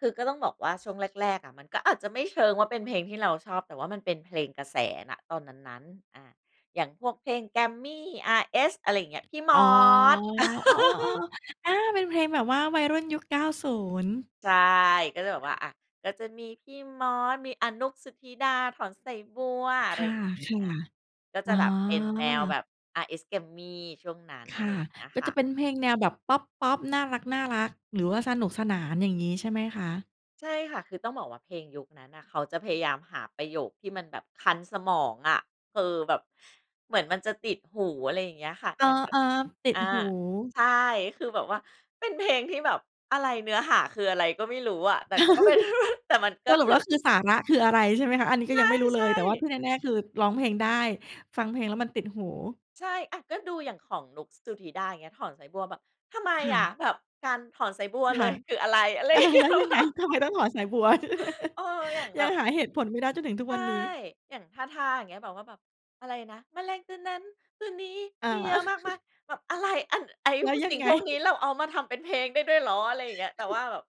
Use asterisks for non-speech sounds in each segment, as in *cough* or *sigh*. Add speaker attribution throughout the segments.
Speaker 1: คือ ก็ต้องบอกว่าช่วงแรก ๆ อะ มันก็อาจจะไม่เชิงว่า เป็นเพลงที่เราชอบ แต่ว่ามันเป็นเพลงกระแส ณ ตอนนั้น ๆ อา อย่างพวกเพลง Grammy RS อะไรอย่างเงี้ย พี่ม
Speaker 2: อ๋อ
Speaker 1: อส
Speaker 2: อ๋อ
Speaker 1: *laughs*
Speaker 2: ๆ ๆ ๆ อา เป็นเพลงแบบว่าวัยรุ่นยุค 90
Speaker 1: ใช่ ก็เลยแบบว่า อะ ก็จะมีพี่มอส มี อะ นุ๊ก สุทธิดา ถอนสายบัว อะ
Speaker 2: ค
Speaker 1: ไร
Speaker 2: ่ะ
Speaker 1: อย่างเงี
Speaker 2: ใช่
Speaker 1: ้ย อ
Speaker 2: แ
Speaker 1: ะ
Speaker 2: ล้ว
Speaker 1: ก็
Speaker 2: อ
Speaker 1: จะ
Speaker 2: ๋อ
Speaker 1: แบบเป็นแนวแบบ RS Grammy ช่วงนั้น
Speaker 2: ค
Speaker 1: อะไ
Speaker 2: ่
Speaker 1: ร
Speaker 2: ะ
Speaker 1: อย่างเงี้ย
Speaker 2: ก็
Speaker 1: ค
Speaker 2: จ
Speaker 1: ่
Speaker 2: ะ
Speaker 1: ะ
Speaker 2: เป็นเพลงแนวแบบ พอป ๆ น่ารัก ๆ หรือว่าสนุกสนาน อย่างงี้ใช่ไหมคะ?
Speaker 1: ใช่ค่ะ คือต้องบอกว่าเพลงยุคนั้นน่ะ เขาจะพยายามหาประโยคที่มันแบบคันสมองอะ คือแบบเหมือนมันจะติดหู อะไรอย่างเงี้ยค่ะ
Speaker 2: อ
Speaker 1: อย่างแบบ
Speaker 2: า ๆ ติ
Speaker 1: อ
Speaker 2: ด
Speaker 1: า
Speaker 2: หู
Speaker 1: ใช่ คือแบบว่า เป็นเพลงที่แบบอะไร เนื้อหาคืออะไรก็ไม่รู้อะ แต่ ก็เป็น แต่ม
Speaker 2: *laughs*
Speaker 1: ันก
Speaker 2: ส
Speaker 1: ็
Speaker 2: รุ
Speaker 1: ค
Speaker 2: ป
Speaker 1: ื
Speaker 2: แ
Speaker 1: อ
Speaker 2: ล้ว คือ สาระ คืออะไร ใช่ไหมคะ อันนี้
Speaker 1: ใ
Speaker 2: ก็ยังไม่รู้เ
Speaker 1: ช
Speaker 2: ล
Speaker 1: ่
Speaker 2: ย แต่ว่าท
Speaker 1: ๆ
Speaker 2: ี่แน่ ๆ คือร้องเพลงได้ ฟังเพลงแล้วมันติดหู
Speaker 1: ใช่ อะ ก็ดูอย่างของนุ๊ก ส สุทธิดาอย่างเงี้ย ถอนสายบัว แบบทำไม
Speaker 2: ค่
Speaker 1: อะ
Speaker 2: ะ
Speaker 1: แบบการถอนสายบัวเ
Speaker 2: ค
Speaker 1: ล
Speaker 2: ่ะ
Speaker 1: ย คืออะไร อะไร
Speaker 2: อ
Speaker 1: อ
Speaker 2: า
Speaker 1: ย่างเงี
Speaker 2: แ
Speaker 1: ้
Speaker 2: ล้
Speaker 1: ย
Speaker 2: วยัง
Speaker 1: แบ
Speaker 2: ไง
Speaker 1: บ
Speaker 2: ทำไมต้องถอนสายบัวด้วย
Speaker 1: เออ อย่างแ
Speaker 2: ย
Speaker 1: บ
Speaker 2: ัง
Speaker 1: บ
Speaker 2: หาเหตุผลไม่ได้จนถึงทุก
Speaker 1: ใช่
Speaker 2: วันนี้
Speaker 1: อย่าง ทาทา อย่างเงี้ย แบบว่าแบบอะไรนะ แมลงตัวนั้นตัวนี้
Speaker 2: อา
Speaker 1: มีเยอะมากม
Speaker 2: *laughs*
Speaker 1: าย แบบอะไร อัน ไอ้
Speaker 2: แล้
Speaker 1: พ
Speaker 2: ว
Speaker 1: วก
Speaker 2: ยั
Speaker 1: สิ
Speaker 2: ง
Speaker 1: ่ง
Speaker 2: ไง
Speaker 1: พวกนี้ เราเอามาทำเป็นเพลงได้ด้วยเหรอ อะไรอย่างเงี้ย แต่ว่าแบบ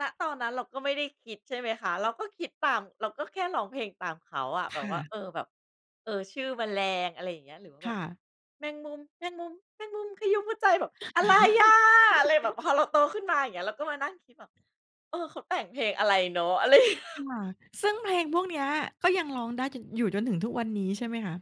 Speaker 1: ณ ตอนนั้นเราก็ไม่ได้คิด ใช่ไหมคะ เราก็คิดตาม เราก็แค่ร้องเพลงตามเขาอะ แ
Speaker 2: ค
Speaker 1: บบ
Speaker 2: ่
Speaker 1: ว่า
Speaker 2: ะ
Speaker 1: เออ แบบ เออ ชื่อแมลง อะไรอย่างเงี้ย หรือว่า
Speaker 2: ค
Speaker 1: แบ
Speaker 2: ่
Speaker 1: บ
Speaker 2: ะ
Speaker 1: แมงมุม แมงมุม แมงมุมขยุ้มหัวใจ แบบอะไรอะ อะไรแบบ พอเรา
Speaker 2: *laughs*
Speaker 1: โตขึ้นมา อย่างเงี้ย เราก็มานั่งคิดแบบ เออ เขาแต่งเพลงอะไรเนาะ อะไร *laughs*
Speaker 2: ค่ะ ซึ่งเพลงพวกเนี้ย ก็ยังร้องได้ จน อยู่จนถึงทุกวันนี้ใช่ไหมคะ?